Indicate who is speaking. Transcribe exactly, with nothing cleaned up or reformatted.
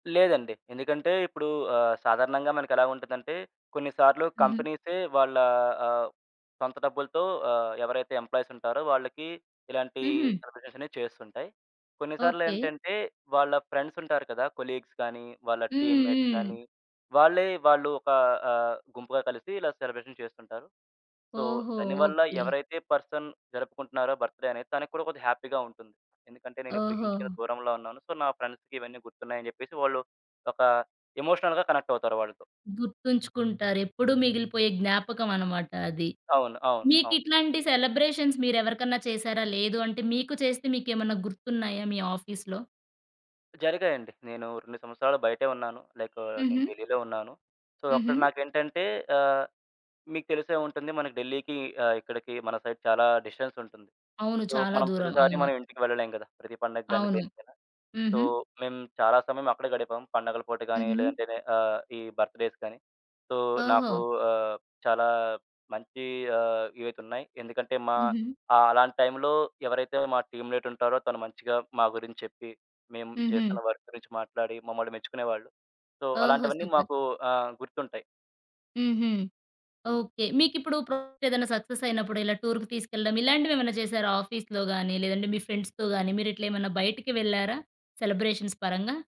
Speaker 1: లేదండి. ఎందుకంటే, ఇప్పుడు ఆహ్, సాధారణంగా మనకెలా ఉంటదంటే, కొన్నిసార్లు
Speaker 2: హుహు.
Speaker 1: కంపెనీసె వాళ్ళ ఆహ్, సొంత డబ్బులతో ఆహ్, ఎవరైతే ఎంప్లాయీసుంటారో వాళ్ళకి, ఇలాంటి
Speaker 2: హుహు.
Speaker 1: సెలబ్రేషనే చేస్తుంటాయి.
Speaker 2: ఓకే.
Speaker 1: కొన్నిసార్లేంటంటే, వాళ్ళ ఫ్రెండ్స్ ఉంటారు కదా, కొలీగ్స్ గాని, వాళ్ళ
Speaker 2: హ్మ్.
Speaker 1: టీమ్‌మేట్స్
Speaker 2: హ్మ్.
Speaker 1: గాని వాళ్ళే వాళ్ళు ఒక ఆహ్, గుంపుగా కలిసి ఇలా సెలబ్రేషన్ చేస్తుంటారు. సో,
Speaker 2: ఓహో!
Speaker 1: దానివల్ల
Speaker 2: ఓకే.
Speaker 1: ఎవరైతే పర్సన్ జరుపుకుంటున్నారో బర్త్‌డే అనేది తనకి కూడా కొద్దిగా హ్యాపీ‌గా ఉంటుంది. ఎందుకంటే, నేనిప్పుడు ఇంటికి
Speaker 2: ఓహో!
Speaker 1: దూరంలో ఉన్నాను. సో, నా ఫ్రెండ్స్‌కివన్నీ గుర్తున్నాయి అని చెప్పేసి, వాళ్ళు ఒక ఎమోషనల్‌గా కనెక్ట్ అవుతారు వాళ్ళతో.
Speaker 2: గుర్తుంచుకుంటారెప్పుడు మిగిలిపోయే జ్ఞాపకం అన్నమాట అది.
Speaker 1: అవును. అవును. అవును.
Speaker 2: మీకిట్లాంటి సెలబ్రేషన్స్ మీరెవరికన్నా చేసారా? లేదు అంటే మీకు చేస్తే మీకెమన్నా గుర్తున్నాయా మీ ఆఫీస్‌లో?
Speaker 1: జరిగాయండి. నేను రెండు సంవత్సరాలు బయటే ఉన్నాను. లైకు నేను
Speaker 2: హుహు.
Speaker 1: ఢిల్లీలో ఉన్నాను. సో,
Speaker 2: హుహు.
Speaker 1: అక్కడ నాకేంటంటే ఆహ్, మీకు తెలిసే ఉంటుంది. మనకి ఢిల్లీకి ఆహ్, ఇక్కడికి మన సైడ్ చాలా డిస్టెన్స్ ఉంటుంది.
Speaker 2: అవును.
Speaker 1: సో,
Speaker 2: చాలా
Speaker 1: మనం
Speaker 2: దూరం
Speaker 1: ప్రతిసారి
Speaker 2: అవును.
Speaker 1: మనం ఇంటికి వెళ్ళలేము కదా. ప్రతి పండగ్గాని
Speaker 2: అవును.
Speaker 1: దేనికైనా. సో,
Speaker 2: హుహు.
Speaker 1: మేము చాలా సమయం అక్కడే గడిపాం. పండగల పూట గాని,
Speaker 2: హుహు.
Speaker 1: లేదంటే నే ఆహ్, ఈ బర్త్‌డేస్ గాని, సో, నాకు
Speaker 2: ఓహో!
Speaker 1: ఆహ్, చాలా మంచి ఆహ్, ఇవైతే ఉన్నాయి. ఎందుకంటే, మా
Speaker 2: హుహు.
Speaker 1: ఆహ్, అలాంటి టైంలో ఎవరైతే మా టీమ్‌మేట్ ఉంటారో తను మంచిగా మా గురించి చెప్పి, మేము చేస్తున్న
Speaker 2: హుహు.
Speaker 1: వర్క్ గురించి మాట్లాడి మమ్మల్ని మెచ్చుకునేవాళ్ళు. సో,
Speaker 2: ఓహో!
Speaker 1: అలాంటివన్నీ
Speaker 2: సూపర్.
Speaker 1: మాకు ఆహ్, గుర్తుంటాయి.
Speaker 2: హుహు.
Speaker 1: హ్మ్.
Speaker 2: ఓకే. మీకిప్పుడు ప్రాజెక్టేదైనా సక్సెస్ అయినప్పుడు ఇలా టూర్‌కి తీసుకెళ్ళడం, ఇలాంటివేమన్నా చేసారా ఆఫీస్‌లో గాని, లేదంటే మీ ఫ్రెండ్స్‌తో గాని, మీరిట్లెమన్నా బయటికి వెళ్లారా? సెలబ్రేషన్స్ పరంగా?